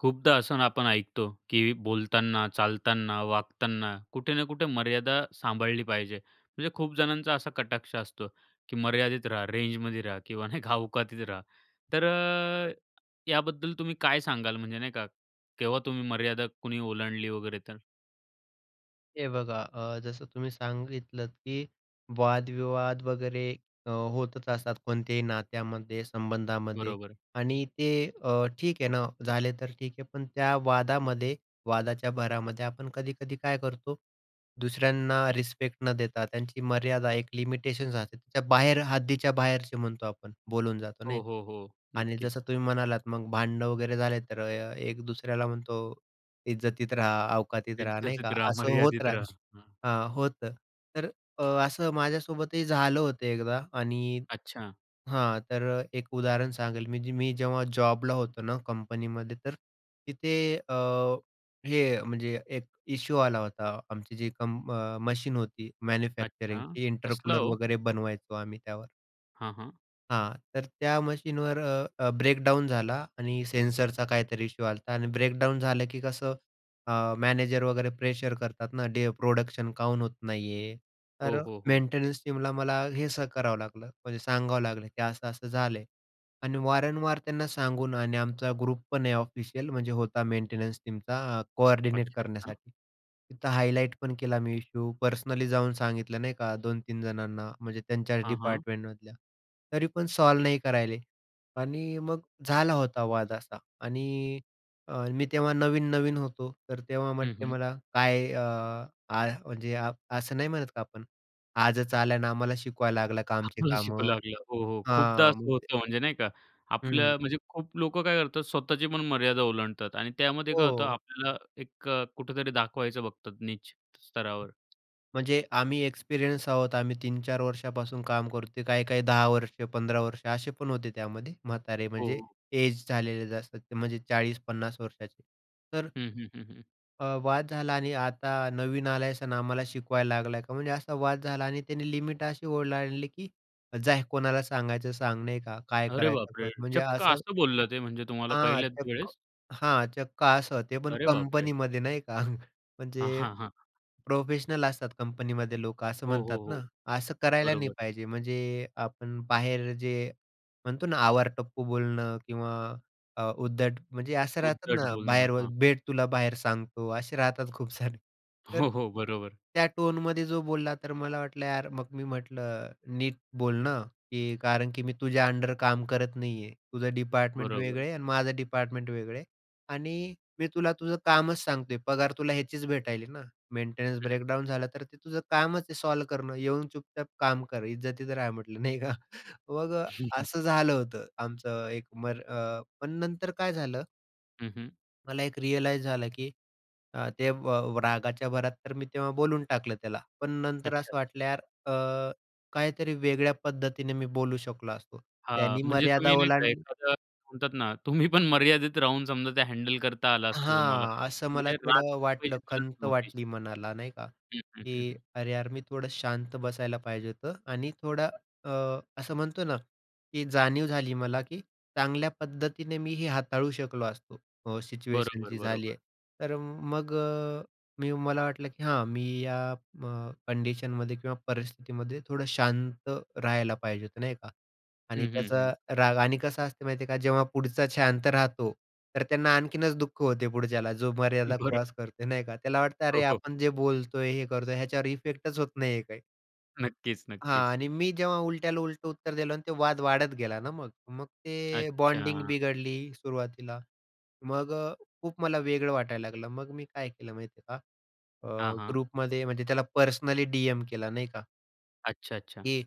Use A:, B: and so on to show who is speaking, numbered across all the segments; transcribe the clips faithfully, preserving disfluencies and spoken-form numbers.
A: खूपदा असंन आपण ऐकतो की बोलतान, चालताना, वागताना कुठे ना कुठे मर्यादा सांभाळली पाहिजे. म्हणजे खूप जणांचा असा कटाक्ष असतो, की मर्यादित राहा. रेंजमध्ये रहा किंवा नाही का औकातीत रहा. तर अ,
B: बरोबर.
A: याबद्दल तुम्ही काय सांगाल? म्हणजे नाही का, केव्हा तुम्ही मर्यादा कोणी ओलांडली वगैरे तर?
B: हे बघा अ, जसं तुम्ही सांगितलंत, की वादविवाद वगैरे अ, होतच असतात कोणत्याही नात्यामध्ये, संबंधामध्ये.
A: बरोबर.
B: आणि ते अ, ठीक आहे ना झाले तर ठीक आहे, पण त्या वादामध्ये वादाच्या भरामध्ये आपण कधी-कधी काय करतो? दुसऱ्यांना रिस्पेक्ट न देता त्यांची मर्यादा, एक लिमिटेशन्स असते. त्या बाहेर हद्दीच्या बाहेरचे म्हणतो आपण, बोलून जातो
A: हो,
B: नाही का
A: हो, हो
B: आणि
A: नक्कीच.
B: जसं तुम्ही म्हणालात मग भांडण वगैरे झाले तर एक दुसऱ्याला म्हणतो इज्जतीत राहा, औकातीत राहा, नाही का,
A: इज्जतीत रहा,
B: असं होत
A: मर्यादित
B: राहत
A: रहा. हं.
B: हां होतं, तर अ, असं माझ्यासोबतही झालं होतं एकदा आणि
A: अच्छा.
B: हां, तर एक उदाहरण सांगेल म्हणजे मी जेव्हा जॉबला होतो ना कंपनीमध्ये तर तिथे अ, हे म्हणजे एक इश्यू आला होता. आमची जी कंम्प अ मशीन होती
A: अच्छा,
B: मॅन्युफॅक्चरिंगची इंटर
A: कसला
B: कूलर
A: हो?
B: वगैरे, बनवायचो आम्ही त्यावर.
A: हां, हां.
B: हां. तर त्या मशीनवर अ, अ, ब्रेकडाउन झाला आणि सेन्सरचा काहीतरी इश्यू आलता आणि ब्रेकडाउन झालं की कसं? अ, मॅनेजर वगैरे प्रेशर करतात ना. डे प्रोडक्शन काऊन होत नाही आहे?
A: हो,
B: तर
A: हो, हो.
B: मेंटेनन्स टीमला मला हे स करावं लागलं. म्हणजे सांगावं लागलं, की "असं-असं झालंय" आणि वारंवार त्यांना सांगून आणि आमचा ग्रुपपण आहे ऑफिशियल. म्हणजे होता मेंटेनन्स टीमचा अ, कोऑर्डिनेट
A: अच्छा, अच्छा.
B: करण्यासाठी. तिथं हायलाइट पण केला मी इश्यू, पर्सनली जाऊन सांगितलं, नाही का दोन-तीन जणांना म्हणजे त्यांच्याच
A: हां, हां.
B: डिपार्टमेंटमधल्या तरी पण सॉल्व्ह नाही करून राहिले आणि मग झाला होता वाद असा आणि अ, मी तेव्हा नवीन-नवीन होतो तर तेव्हा
A: हं,
B: म्हटले
A: हं.
B: मला काय अ, आ म्हणजे अ, असं नाही म्हणत का आपण आजच आलाय अन आम्हाला शिकवायला लागलाय आमची
A: आम्हाला शिकू
B: कामं.
A: लागला. हो, हो, खूपदा
B: हां, मग
A: असं होतं म्हणजे नाही का,
B: हं.
A: आपल्या म्हणजे खूप लोकं काय करतात? स्वतःचीपण मर्यादा ओलांडतात आणि त्यामध्ये काय होतं
B: हो.
A: आपल्याला एक अ, कुठेतरी दाखवायचं बघतात नीच स्तरावर.
B: म्हणजे आम्ही एक्सपिरियन्स आहोत. आम्ही तीन-चार वर्षापासून काम करतोय. काही-काही दहा वर्ष, पंधरा वर्ष असे पण होते त्यामध्ये. म्हातारे म्हणजे
A: हो.
B: एज झालेलं जास्त म्हणजे चाळीस पन्नास वर्षाचे तर
A: हं, हं, हं, हं.
B: अ, वाद झाला आणि आता नवीन आला आहेस आणि आम्हाला शिकवायला लागलाय का? म्हणजे असा वाद झाला आणि त्याने लिमिट अशी ओलांडली की "जा, कोणाला सांगायचं सांग." नाही का "काय
A: अरे
B: करायच आहे
A: बापरे!
B: कर." म्हणजे
A: चक्क
B: असं
A: असं बोललं ते म्हणजे तुम्हाला
B: हां,
A: पहिल्याच
B: चक्क
A: वेळेस?
B: हां, चक्क असं. ते पण
A: अरे बापरे!
B: कंपनीमध्ये नाही का.
A: अ,
B: म्हणजे
A: हां, हां.
B: प्रोफेशनल असतात कंपनीमध्ये लोकं असं
A: हो, हो,
B: म्हणतात ना.
A: हो.
B: असं करायला नाही
A: बरोबर.
B: पाहिजे म्हणजे आपण बाहेर जे म्हणतो ना आवारटप्पू बोलणं किंवा अ, उद्धट म्हणजे असं राहतात
A: उद्धट
B: ना,
A: बोलणं.
B: बाहेर ब
A: हां.
B: भेट तुला बाहेर सांगतो, असे राहतात खूप सारे. तर
A: हो, हो. बरोबर.
B: त्या टोनमध्ये जो बोलला तर मला वाटलं यार मग मी म्हटलं, "नीट बोल ना, की कारण की मी तुझ्या अंडर काम करत नाही आहे, तुझं डिपार्टमेंट वेगळं
A: बरोबर.
B: आहे आणि माझं डिपार्टमेंट वेगळं आहे आणि मी तुला तुझं कामच सांगतोय पगार तुला ह्याचीच भेटायला आहे ना, मेंटेनन्स
A: हं.
B: ब्रेकडाउन झालं तर ते तुझं कामच आहे सॉल्व्ह करणं, येऊन चुपचाप काम कर इज्जतीत रहा," म्हटलं नाही का. मग अ, असं झालं होतं आमचं एक मर अ, पण नंतर काय झालं
A: हं, हं.
B: मला एक रियलाइज झालं की अ, ते व व रागाच्या भरात तर मी तेव्हा बोलून टाकलं त्याला, पण नंतर असं
A: अच्छा-अच्छा.
B: वाटलं यार अ, काहीतरी वेगळ्या पद्धतीने मी बोलू शकलो असतो.
A: हां,
B: त्यानी
A: म्हणजे
B: मर्यादा
A: तुम्ही नाही का,
B: ओलांडली
A: एखादा म्हणतात ना तुम्हीपण मर्यादेत राहून समजा ते हँडल करता आलं असतं तुम्हाला.
B: हां, असं मला
A: म्हणजे राग
B: थोडं
A: व्यक्त
B: वाटलं.
A: करायची गरज
B: खंत
A: नव्हती.
B: वाटली मनाला नाही का.
A: हं, हं,
B: की
A: हं.
B: "अरे यार! मी थोडं शांत बसायला पाहिजे होतं." आणि थोडं अ, असं म्हणतो ना, की जाणीव झाली मला, की चांगल्या पद्धतीने मीही हाताळू शकलो असतो अ, सिच्युएशन
A: बरोबर,
B: जी झाली
A: बरोबर.
B: आहे. तर मग अ, मी मला वाटलं की हां मी या म कंडिशनमध्ये किंवा परिस्थितीमध्ये थोडं शांत राहायला पाहिजे होतं, नाही का.
A: हं,
B: आणि
A: हं, हं.
B: त्याचा राग आणि कसं असतं माहिती आहे का, जेव्हा पुढचा शांत राहतो, तर त्यांना आणखीनच दुःख होते पुढच्याला, जो मर्यादा
A: बरो
B: क्रॉस करतो नाही का, त्याला वाटतं
A: हो,
B: अरे
A: हो.
B: आपण जे बोलतोय, हे करतोय, ह्याच्यावर इफेक्टच होत नाही काही.
A: नक्कीच,
B: हां
A: नक्कीच.
B: आणि मी जेव्हा उलट्याला उलटं उत्तर दिलं आणि ते वाद वाढत गेला ना मग. मग ते बॉन्डिंग
A: अच्छा.
B: बिघडली सुरुवातीला. मग अ, खूप मला वेगळं वाटायला लागलं. मग मी काय केलं माहिती आहे का,
A: हां,
B: अ,
A: हां.
B: ग्रुपमध्ये म्हणजे त्याला पर्सनली डीएम केला, नाही का.
A: अच्छा-अच्छा.
B: की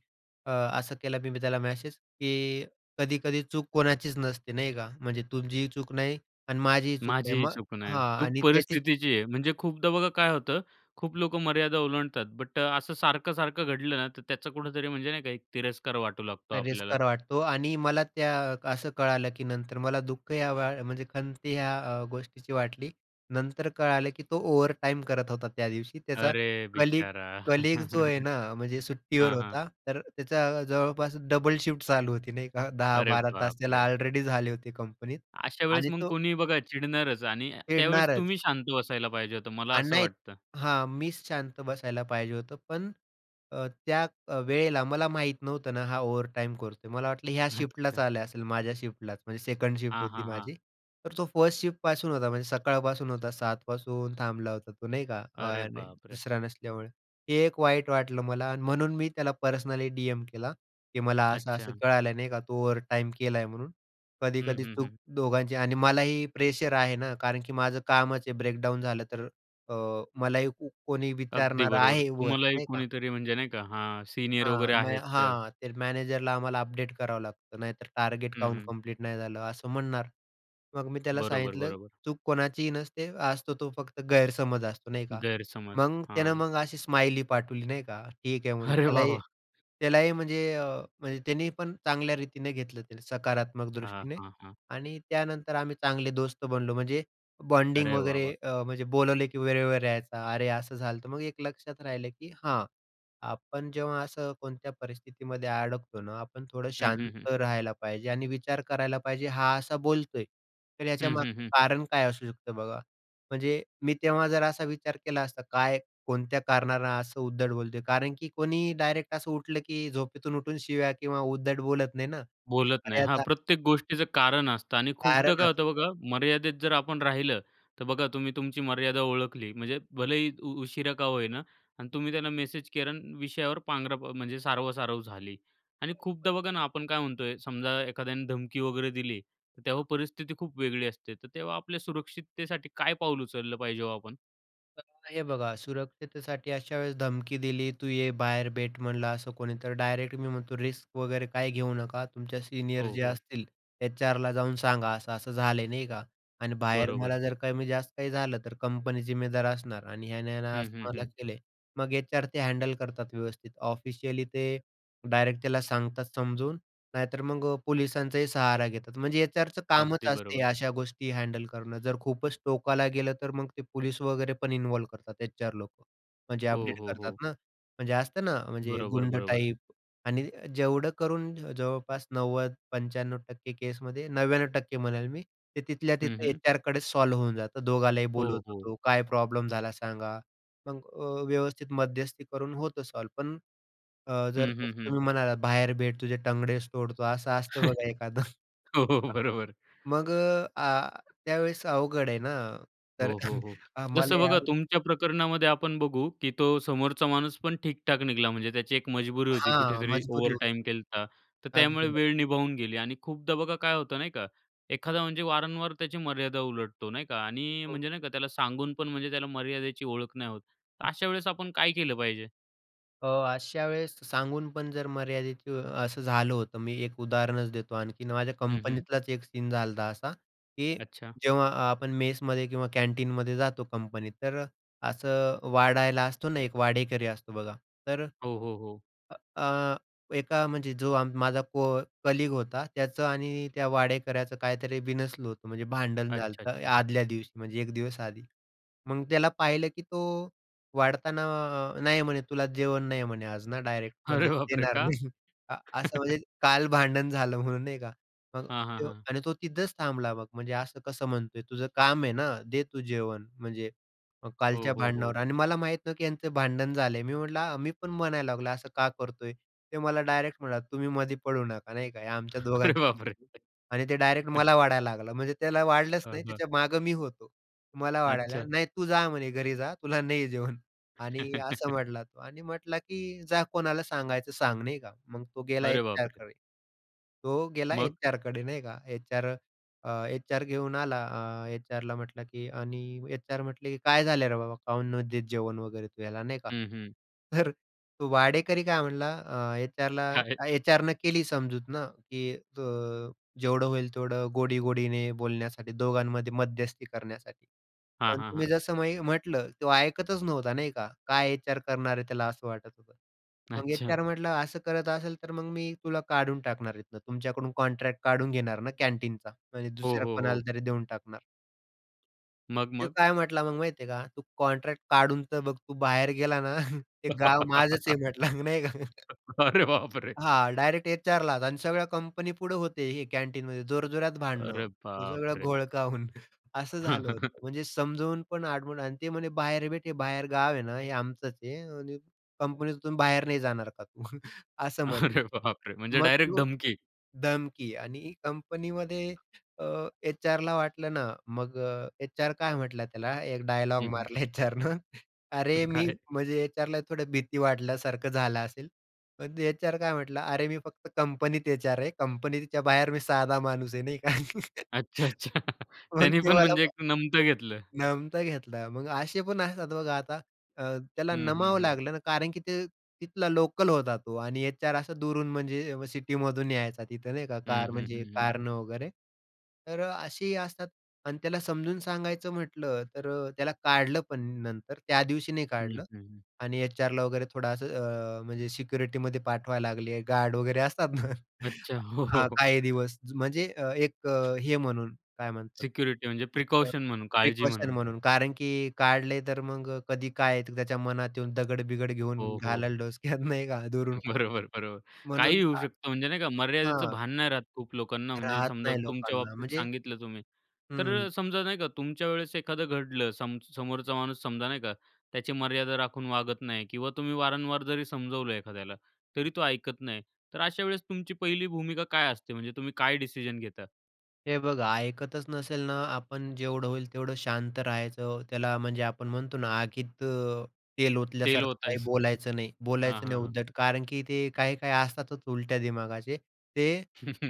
B: अ, असं केला मी त्याला मेसेज, की कधी-कधी चूक कोणाचीच नसते, नाही का. म्हणजे तुझीही चूक नाही आणि माझीही चूक नाही.
A: माझीही
B: मग
A: चूक नाही.
B: हां.
A: चूक
B: आणि त्याचीच
A: परिस्थितीची आहे. म्हणजे खूपदा बघा काय होतं, खूप लोकं मर्यादा ओलांडतात बट असं सारखं-सारखं घडलं ना, तर त्याचा कुठेतरी म्हणजे नाही का, एक तिरस्कार वाटू लागतो आपल्याला.
B: तिरस्कार वाटतो आणि मला त्या असं कळालं, की नंतर मला दुःख या म्हणजे खंत ह्या अ, गोष्टीची वाटली नंतर कळालं की तो ओव्हरटाईम करत होता त्यादिवशी. त्याचा
A: अरे
B: कलीग
A: बिचारा!
B: कलीग जो आहे ना, म्हणजे सुट्टीवर
A: हां, हां.
B: होता. तर त्याचा जवळपास डबल शिफ्ट चालू होती नाही का, दहा
A: अरे
B: बारा तास त्याला
A: बापरे!
B: ऑलरेडी झाले होते कंपनीत.
A: अशावेळेस
B: आणि
A: मग
B: तो
A: कोणीही बघा चिडणारच आणि त्यावेळेस
B: खेळणारच.
A: तुम्ही शांत बसायला पाहिजे होतं, मला
B: आणि
A: असं
B: नाही.
A: वाटतं.
B: हां, मीच शांत बसायला पाहिजे होतं. पण अ, त्या वेळेला मला माहीत नव्हतं ना, हा ओव्हरटाईम करतोय. मला वाटलं ह्या शिफ्टलाच
A: अच्छा.
B: आला असेल, माझ्या शिफ्टलाच. म्हणजे सेकंड शिफ्ट
A: हां,
B: होती
A: हां, हां.
B: माझी. तर तो फर्स्ट शिफ्टपासून होता. म्हणजे सकाळपासून होता. सात पासून थांबला होता तो, नाही का
A: अरे
B: आरे!
A: बापरे!
B: दुसरा नसल्यामुळे हे एक वाईट वाटलं मला आणि म्हणून मी त्याला पर्सनली डीएम केला, की मला असं-असं
A: अच्छा.
B: कळालं नाही का, तू ओव्हरटाईम केल आहे म्हणून.
A: हं,
B: कधी-कधी
A: हं,
B: चूक
A: हं.
B: दोघांची आणि मलाही प्रेशर आहे ना कारण की माझं कामच आहे ब्रेकडाउन झालं तर अ, मलाही कोणी
A: अगदी
B: विचारणार
A: बरोबर.
B: आहे वर.
A: तुम्हालाही
B: नाही का.
A: कोणीतरी म्हणजे नाही का, हा सीनियर
B: हां.
A: वगैरे
B: म
A: आहेत त
B: हां, ते मॅनेजरला आम्हाला अपडेट करावं लागतं, नाहीतर टार्गेट
A: हं,
B: काऊन
A: हं.
B: कंप्लीट नाही झालं, असं म्हणणार. मग मी त्याला
A: बरोबर,
B: सांगितलं,"
A: बरोबर.
B: चूक कोणाचीही नसते, असतो तो फक्त गैरसमज असतो," नाही का.
A: गैरसमज,
B: मग त्यानं
A: हां.
B: मग अशी स्माइली पाठवली नाही का, "ठीक आहे," म्हणून.
A: अरे वाह,
B: त्यालाही
A: वाह!
B: त्यालाही म्हणजे अ, म्हणजे त्याने पण चांगल्या रीतीने घेतलं, सकारात्मक
A: हां,
B: दृष्टीने.
A: हां, हां.
B: आणि त्यानंतर आम्ही चांगले दोस्त बनलो म्हणजे बॉन्डिंग
A: अरे वाह,
B: वगैरे.
A: वाह!
B: अ, म्हणजे बोलवले की वेळेवर यायचा. अरे असं झालंत. मग एक लक्षात राहिलं की हां, आपण जेव्हा असं कोणत्या परिस्थितीमध्ये अडकतो ना, आपण थोडं
A: हं, हं, हं.
B: शांत राहायला पाहिजे. आणि विचार करायला पाहिजे, हा असा बोलतोय, तर
A: हं, हं,
B: याच्यामागचं
A: हं.
B: कारण काय असू शकतं? बघा, म्हणजे मी तेव्हा जर असा विचार केला असता काय, कोणत्या कारणाने असं उद्धट बोलतोय? कारण की कोणीही डायरेक्ट असं उठलं की झोपेतून उठून शिव्या किंवा उद्धट बोलत नाही ना.
A: बोलत नाही.
B: अरे
A: हां,
B: आता
A: प्रत्येक गोष्टीचं कारण असतं आणि खूपदा
B: कारण
A: काय होतं बघा,
B: असं
A: मर्यादेत जर आपण राहिलं, तर बघा तुम्ही तुमची मर्यादा ओळखली, म्हणजे भलेही उ उशिरा का होईना आणि तुम्ही त्याला मेसेज केला आणि विषयावर पांघरा म्हणजे सारवासारव झाली. आणि
B: बरोबर.
A: खूपदा बघा ना, आपण काय म्हणतोय, समजा एखाद्याने धमकी वगैरे दिली, तर तेव्हा परिस्थिती खूप वेगळी असते. तर तेव्हा आपल्या सुरक्षिततेसाठी काय पाऊल उचललं पाहिजे हो आपण?
B: [unintelligible] हे बघा सुरक्षतेसाठी अशावेळेस धमकी दिली, तू ये बाहेर भेट म्हणलं असं कोणी तर डायरेक्ट मी म्हणतो रिस्क वगैरे काही घेऊ नका. तुमच्या सीनियर
A: हो,
B: जे
A: हो.
B: असतील एचआरला जाऊन सांगा. असं-असं झालंय, नाही का आणि बाहेर
A: बरोबर.
B: मला जर कमी-जास्त काही झालं तर कंपनी जिम्मेदार असणार आणि ह्याने ना
A: हं,
B: असं
A: हं,
B: मला
A: हं.
B: केलयं. मग एचआर ते हँडल करतात व्यवस्थित. ऑफिशियली ते डायरेक्ट त्याला सांगतात समजून, नाहीतर मग अ, पोलिसांचाही सहारा घेतात. म्हणजे एचआरचं कामच
A: अगदी
B: असतयं हे
A: बरोबर.
B: अशा गोष्टी हँडल करणं. जर खूपच टोकाला गेलं तर मग ते पोलिस वगैरेपण इन्व्हॉल्व करतात. एचआर लोकं. म्हणजे
A: हो,
B: अपडेट
A: हो,
B: करतात
A: हो.
B: ना म्हणजे असतं ना म्हणजे
A: बरोबर,
B: गुंड
A: बरोबर.
B: टाईप आणि जेवढं करून जवळपास नव्वद पंचाण्णव टक्के केसमध्ये, नव्याण्णव टक्के म्हणेल मी ते तिथल्या
A: हं,
B: तिथं
A: हं.
B: एचआरकडेच सॉल्व्ह होऊन जातं. दोघालाही
A: हो,
B: बोलवतो
A: हो.
B: तो, काय प्रॉब्लेम झाला सांगा? मग अ, व्यवस्थित मध्यस्थी करून होतं सॉल्व्ह पण अ, जर
A: हं, हं, हं.
B: तुम्ही म्हणालात बाहेर भेट तुझे टंगडेचं तोडतो असं असतं बघा एखादं
A: हो, हो. बरोबर.
B: मग अ, आ त्यावेळेस अवघड आहे ना तर
A: हो, हो, हो.
B: आम्हाला
A: जसं
B: या
A: बघा तुमच्या प्रकरणामध्ये, आपण बघू की तो समोरचा माणूसपण ठीक-ठाक निघला म्हणजे त्याची एक मजबुरी होती.
B: हां,
A: कुठेतरी
B: मजबुरी
A: ओव्हरटाईम
B: होती.
A: केलता, तर
B: अगदी
A: त्यामुळे
B: बरोबर.
A: वेळ निभावून गेली आणि खूपदा बघा काय होतं, नाही का? एखादा म्हणजे वारंवार त्याची मर्यादा उलटतो नाही का? आणि
B: हो.
A: म्हणजे नाही का त्याला सांगून पण म्हणजे त्याला मर्यादेची ओळख नाही होत. तर अशा वेळेस आपण काय केलं पाहिजे?
B: अ, अशा वेळेस सांगून पण जर मर्यादित, असं झालं होतं. मी एक उदाहरणच देतो आणखीन, माझ्या
A: हं, हं.
B: कंपनीतलाच एक सीन झालता असा की,
A: अच्छा.
B: जेव्हा आपण मेसमध्ये किंवा कॅन्टीनमध्ये जातो कंपनीत, तर अ, असं वाढायला असतो ना एक वाढेकरी असतो बघा. तर
A: हो, हो, हो.
B: अ, अ, एका म्हणजे जो आम माझा को कलीग होता त्याचं आणि त्या वाढेकऱ्याचं काहीतरी बिनसलं होतं, म्हणजे भांडण
A: अच्छा,
B: झालतं
A: अच्छा.
B: आदल्या दिवशी, म्हणजे एक दिवस आधी. मग त्याला पाहिलं की तो वाढताना, अ, "नाही," म्हणे, "तुला जेवण नाही." म्हणे "आज ना," डायरेक्ट
A: अरे
B: म्हणजे
A: बापरे!
B: देणार
A: का?
B: नाही अ, असं म्हणजे, काल भांडण झालं म्हणून नाही का, मग
A: हां, हां,
B: तो
A: हां.
B: आणि तो तिथंच थांबला मग "म्हणजे, असं कसं म्हणतोय? तुझं काम आहे ना, दे तू जेवण. म्हणजे मग
A: हो,
B: कालच्या
A: हो, हो.
B: भांडणावर" आणि मला माहीत नाही की यांचं भांडण झालं आहे, मी म्हटलं आ, मी पण म्हणायला लागलो, "असं का करतोय?" तो मला डायरेक्ट म्हणाला, "तुम्ही मध्ये पडू नका." नाही का, "हे आमच्या
A: अरे
B: दोघांच्या
A: बापरे!
B: मधलं आहे." आणि तो डायरेक्ट मला वाढायला लागला, म्हणजे त्याला वाढलंच
A: हां,
B: नाही
A: हां.
B: त्याच्या मागं मी होतो. मला वाढायला
A: अच्छा.
B: लागला, "नाही तू जा म्हणे घरी जा, तुला नाही आहे जेवण." आणि असं म्हटला तो आणि म्हटला की, "जा कोणाला सांगायचं सांग." नाही का? मग तो गेला
A: अरे बापरे!
B: एचआरकडे. तो गेला
A: मग?
B: एचआरकडे, नाही का? एचआर, अ, एचआर घेऊन आला. अ, एचआरला म्हटला की आणि एचआर म्हटले की, "काय झालं रे बाबा? का नाही देत तू जेवण वगैरे तू याला?" नाही का?
A: हं, हं.
B: तर तो वाढेकरी काय म्हटला अ, एचआरला,
A: काय?
B: एचआरने केली समजूत ना की, अ, जेवढं होईल तेवढं गोडी-गोडीने बोलण्यासाठी दोघांमध्ये मध्यस्थी करण्यासाठी,
A: हां,
B: पण
A: हां,
B: तुम्ही
A: हां.
B: जसं मी म्हटलं तो ऐकतच नव्हता, नाही का? काय एचआर करणार आहे त्याला असं वाटत होतं. मग
A: अच्छा.
B: एचआर म्हटला, "असं करत असेल तर मग मी तुला काढून टाकणार इथून. तुमच्याकडून कॉन्ट्रॅक्ट काढून घेणार ना कँटीनचा," म्हणजे
A: हो,
B: दुसऱ्या
A: हो,
B: कोणाला
A: हो.
B: तरी देऊन टाकणार.
A: मग,
B: तो
A: मग?
B: काय म्हटला मग माहिती आहे का? "तू कॉंट्रॅक्ट काढून तर बघ, तू बाहेर गेला ना, ते गाव माझंच आहे," म्हटला, नाही का?
A: अरे बापरे!
B: हां. डायरेक्ट एचआरलाच आणि सगळ्या कंपनीपुढं होते हे कॅन्टीनमध्ये, जोरजोरात भांडणं,
A: अरे
B: हे सगळं
A: बापरे!
B: घोळका होऊन असं झालं होतं, म्हणजे समजावून पण आडमुठ आणि ते म्हणे, "बाहेर भेट हे बाहेर गाव आहे ना, हे आमचंच आहे आणि कंपनीतून बाहेर नाही जाणार का तू!" असं म्हटलं.
A: अरे, बापरे! म्हणजे,
B: मग
A: डायरेक्ट
B: तू
A: धमकी?
B: धमकी आणि कंपनीमध्ये अ, एचआरला वाटलं ना, मग अ, एचआर काय म्हटला त्याला, एक डायलॉग
A: हं, हं.
B: मारला एचआरनं, "अरे,
A: पण
B: मी"
A: काय?
B: म्हणजे एचआरला थोडं भीती वाटल्यासारखं झालं असेल. पण ते एचआर काय म्हटला, "अरे, मी फक्त कंपनीत एचआर आहे. कंपनीच्या बाहेर मी साधा माणूस आहे," नाही का?
A: अच्छा, अच्छा.
B: मग
A: त्यांनी
B: ते
A: पण
B: मला
A: म्हणजे, एक नमतं घेतलं.
B: नमता घेतला. मग असे पण असतात, बघा. आता अ, त्याला
A: हं, हं,
B: नमावं
A: हं.
B: लागलं ना, कारण की ते तिथला लोकल होता, तो आणि एचआर असा दूरून म्हणजे व सिटीमधून यायचा, तिथं, नाही का,
A: हं,
B: कार
A: हं,
B: म्हणजे
A: हं, हं.
B: कारनं वगैरे. तर अ, असेही असतात. आणि त्याला समजून सांगायचं म्हटलं, तर अ, त्याला काढलं पण नंतर त्या दिवशी नाही
A: हं, हं,
B: काढलं.
A: हं.
B: आणि एचआरला वगैरे थोडं असं, अ, म्हणजे सिक्युरिटीमध्ये पाठवायला लागली आहे. गार्ड वगैरे असतात ना,
A: अच्छा. हो, हो,
B: हां.
A: हो.
B: काही दिवस. म्हणजे अ, एक अ, हे म्हणून काय म्हणतात,
A: सेक्युर्टी म्हणजे
B: एक अ,
A: प्रीकॉशन म्हणून, काळजी
B: प्रिकॉशन
A: म्हणून.
B: म्हणून, कारण की काढले आहे, तर मग अ, कधी काय त्याच्या मनात येऊन, दगड-बिगड घेऊन
A: हो, हो.
B: घालल डोसक्यात, नाही का, दुरून कु
A: बरोबर, बरोबर.
B: म्हणून
A: काहीही होऊ
B: [unintelligible]
A: शकतं, म्हणजे नाही का, मर्यादेचं
B: हां.
A: भान नाही राहत खूप लोकांना, म्हणजे
B: राहत
A: समजा,
B: नाही
A: तुमच्या
B: लोकांना,
A: बाबतीत
B: म्हणजे
A: सांगितलं तुम्ही. तर
B: हं.
A: अ, समजा, नाही का, तुमच्या वेळेस एखादं घडलं. सम समोरचा माणूस समजा, नाही का, त्याची मर्यादा राखून वागत नाही किंवा तुम्ही वारंवार जरी समजावलं एखाद्याला, तरी तो ऐकत नाही. तर अशा वेळेस तुमची पहिली भूमिका काय असते? म्हणजे तुम्ही काय डिसिजन घेता?
B: हे बघा, ऐकतच नसेल ना. आपण जेवढं होईल, तेवढं शांत राहायचं. त्याला म्हणजे आपण म्हणतो ना, आगीत अ, तेल
A: तेल
B: ओतल्यासारखं काही
A: ओतायचं.
B: बोलायचं नाही,
A: हां,
B: बोलायचं नाही
A: हां, हां.
B: उद्धट, कारण की ते काही-काही असतातच, उलट्या दिमागाचे. ते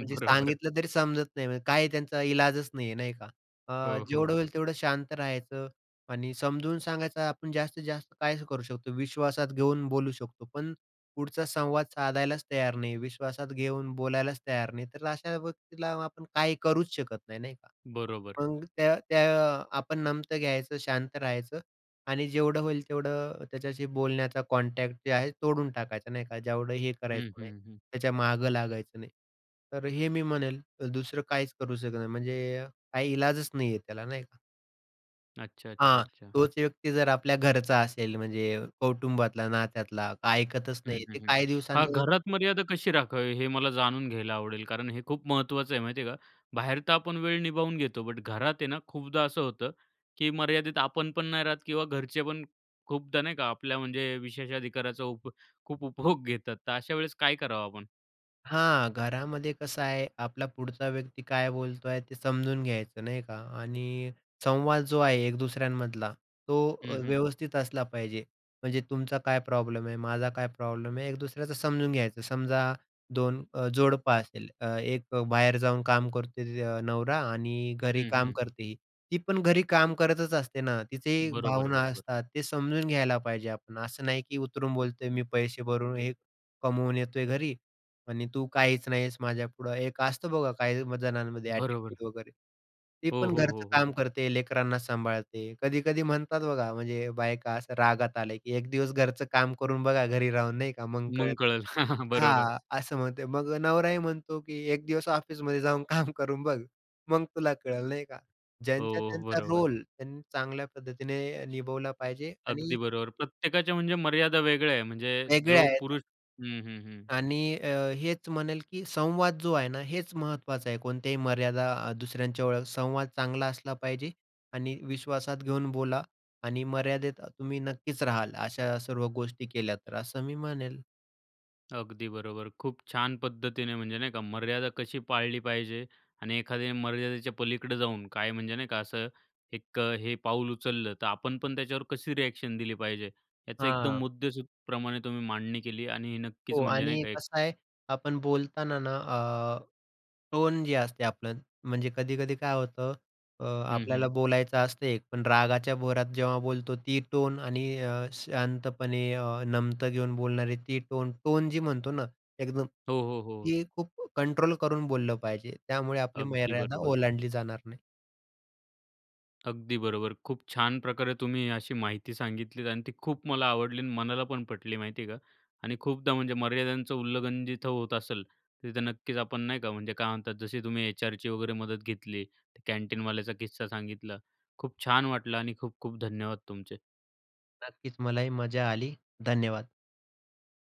B: म्हणजे,
A: बरोबर.
B: सांगितलं तरी समजत नाही. म्हणजे काय, त्यांचा इलाजच नाही आहे, नाही का? अ,
A: हो,
B: जेवढं
A: हो.
B: होईल, तेवढं शांत राहायचं आणि समजून सांगायचं. आपण जास्तीत-जास्त काय ह करू शकतो? विश्वासात घेऊन बोलू शकतो, पण पुढचा संवाद साधायलाच तयार नाही, विश्वासात घेऊन बोलायलाच तयार नाही. तर अशा व्यक्तीला आपण काही करूच शकत नाही, नाही का?
A: बरोबर.
B: मग त्या त्या आपण नमतं घ्यायचं, शांत राहायचं आणि जेवढं होईल तेवढं त्याच्याशी बोलण्याचा कॉन्टॅक्ट जे आहे, तोडून टाकायचं नाही का. जेवढं हे
A: हं,
B: करायचं नाही,
A: हं, हं.
B: त्या मागं लागायचं नाही. तर हे मी म्हणेल, दुसरं काहीच करू शकत नाही. म्हणजे काही इलाजच नाहीये त्याला, नाही का?
A: अच्छा, अच्छा,
B: हां.
A: अच्छा, अच्छा.
B: तोच व्यक्ती जर आपल्या घरचा असेल, म्हणजे अ, कौटुंबातला, नात्यातला, काही ऐकतच
A: हं,
B: नाही
A: हं,
B: ते
A: हं.
B: काही
A: हां.
B: दिवसांनी
A: घरात मर्यादा कशी राखावी, हे मला जाणून घ्यायला आवडेल, कारण हे खूप महत्त्वाचं आहे. माहिती आहे का, बाहेर तर आपण वेळ निभावून घेतो. बट घरात आहे ना, खूपदा असं होतं, की मर्यादेत आपण पण नाही राहत किंवा घरचे पण खूपदा नाही का, आपल्या म्हणजे विशेषाधिकाराचा उप खूप उपभोग घेतात. तर अशा वेळेस काय करावं आपण?
B: हां, घरामध्ये कसं आहे, आपला पुढचा व्यक्ती काय बोलतोय ते समजून घ्यायचं नाही का. आणि संवाद जो आहे एक दुसऱ्यांमधला, तो अ,
A: हं, हं.
B: व्यवस्थित असला पाहिजे. म्हणजे तुमचा काय प्रॉब्लेम आहे, माझा काय प्रॉब्लेम आहे, एक दुसऱ्याचं समजून घ्यायचं. समजा दोन अ, जोडप असेल, एक अ, बाहेर जाऊन काम करते नवरा आणि घरी
A: हं,
B: काम
A: हं.
B: करते ही. ती पण घरी काम करतच असते ना, तिचेही
A: बरोबर,
B: भावना
A: बरोबर.
B: असतात, ते समजून घ्यायला पाहिजे आपण. असं नाही की उतरून बोलतोय मी पैसे भरून हे कमवून येतोय घरी आणि तू काहीच नाही आहेस माझ्यापुढं. एक असतं बघा काही जणांमध्ये
A: बरोबर.
B: ॲटीट्यूड वगैरे. ती
A: हो,
B: पण
A: हो,
B: घरचं
A: हो, हो.
B: काम करते, लेकरांना सांभाळते. कधी-कधी म्हणतात बघा, म्हणजे बायका असं रागात आल्या की "एक दिवस घरचं काम करून बघा, घरी राहून," नाही का. "मग
A: मग
B: कळेल."
A: कळेल. बरोबर.
B: हां, असं म्हणते. मग नवराही म्हणतो की "एक दिवस ऑफिसमध्ये जाऊन काम करून बघ, मग तुला कळेल," नाही का.
A: हो,
B: ज्यांचा
A: हो,
B: त्यांचा
A: बरोबर.
B: रोल त्यांनी चांगल्या पद्धतीने निभवला पाहिजे.
A: अगदी
B: आणि
A: बरोबर. प्रत्येकाच्या म्हणजे मर्यादा वेगळ्या आहे, म्हणजे
B: वेगळे
A: जो
B: आहेत.
A: पुरुष हं, हं, हं.
B: आणि अ, हेच म्हणेल की संवाद जो आहे ना, हेच महत्त्वाचं आहे. कोणत्याही मर्यादा अ, दुसऱ्यांच्या [unintelligible] संवाद चांगला असला पाहिजे, आणि विश्वासात घेऊन बोला आणि मर्यादेत अ, तुम्ही नक्कीच राहाल अशा सर्व गोष्टी केल्या तर असं मी म्हणेल.
A: अगदी. खूप छान पद्धतीने म्हणजे नाही का, मर्यादा कशी पाळली पाहिजे आणि एखाद्या मर्यादेच्या पलीकडं जाऊन, काय म्हणजे नाही का, असं एक अ, हे पाऊल उचललं तर आपण पण त्याच्यावर कशी रिएक्शन दिली पाहिजे. याचं एकदम
B: हां.
A: मुद्देसुधप्रमाणे तुम्ही मांडणी केली आणि हे नक्कीच
B: हो.
A: म्हणजे नाही
B: आणि
A: का, एक
B: कसं आहे आपण बोलताना ना अ, टोन जे असते आपलं म्हणजे कधी-कधी काय होतं अ,
A: हं,
B: आपल्याला
A: हं.
B: बोलायचं असतं एक, पण रागाच्या भरात जेव्हा बोलतो ती टोन आणि अ, शांतपणे अ, नमतं घेऊन बोलणारे ती टोन. टोन जी म्हणतो ना एकदम,
A: हो, हो, हो.
B: ती खूप कंट्रोल करून बोललं पाहिजे. त्यामुळे आपली
A: अगदी
B: मर्यादा
A: बरोबर.
B: ओलांडली जाणार नाही.
A: अगदी बरोबर. खूप छान प्रकारे तुम्ही अशी माहिती सांगितली. आणि ती खूप मला आवडली आणि मनाला पण पटली माहिती आहे का. आणि खूपदा, म्हणजे मर्यादांचं उल्लंघन जिथं होत असेल, तिथं नक्कीच आपण नाही का, म्हणजे काय म्हणतात, जशी तुम्ही एचआरची वगैरे मदत घेतली, कॅन्टीनवाल्याचा किस्सा सांगितला. खूप छान वाटलं आणि खूप-खूप धन्यवाद तुमचे.
B: नक्कीच मलाही मजा आली. धन्यवाद.